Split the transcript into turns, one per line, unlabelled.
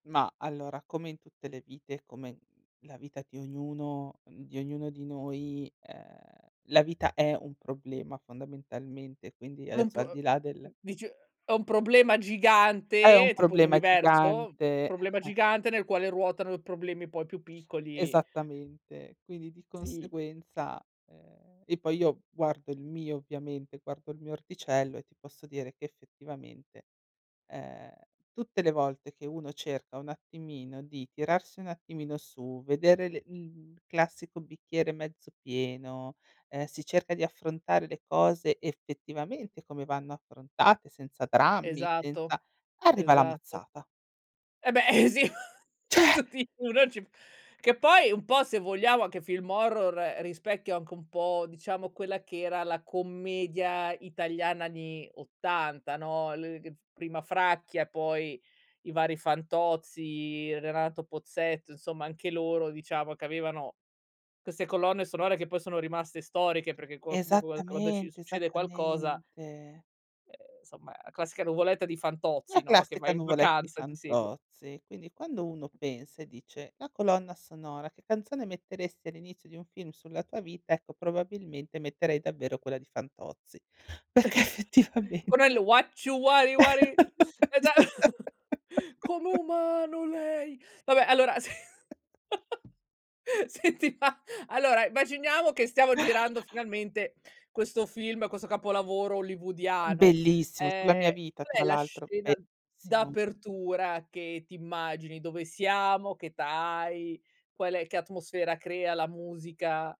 Mah, allora, come in tutte le vite, come, la vita ti ognuno mhmm, di ognuno di noi, ehm, la vita è un problema fondamentalmente, quindi
Un p
adesso al di là del
dice è un problema
È
gigante,
un
tipo un
problema
universo?
gigante,
Problema
eh.
gigante nel quale ruotano problemi poi più piccoli.
Esattamente, quindi di
Sì.
conseguenza ehm, e poi io guardo il mio ovviamente, guardo il mio orticello e ti posso dire che effettivamente, ehm, tutte le volte che uno cerca un attimino di tirarsi un attimino su, vedere le l classico bicchiere mezzo pieno, ehm, si cerca di affrontare le cose effettivamente come vanno affrontate, senza drammi,
Esatto,
senza arriva la
esatto.
mazzata.
Eh beh e sì,
Cioè.
tutti uno ci p che poi un po', se vogliamo, anche film horror rispecchia anche un po' diciamo quella che era la commedia italiana anni '80, no, l g prima Fracchia, poi i vari Fantozzi, Renato Pozzetto, insomma anche loro diciamo che avevano queste colonne sonore che poi sono rimaste storiche perché qualc [unintelligible] quando ci
Esattamente,
succede qualcosa
esattamente.
eh somma, classica nuvoletta di
La
Fantozzi, no, che
classica
vai in
nuvole di
vacanza, ti segue.
Fantozzi, quindi quando uno pensa e dice, la colonna sonora: "Che canzone metteresti all'inizio di un film sulla tua vita?" Ecco probabilmente metterei davvero quella di Fantozzi, perché effettivame
Quello è lu uacci uari uari eh già com'è
[unintelligible]
umano lei, vabbè allora sì. Senti ma, allora, immaginiamo che stiamo girando finalmente questo film, questo capolavoro hollywoodiano,
Bellissimo, sulla mia
ehm,
vita
qual
tra
è la
l'altro,
scena
verissimo.
d'apertura che t'immagini, dove siamo, che età hai, qual è che atmosfera crea la musica?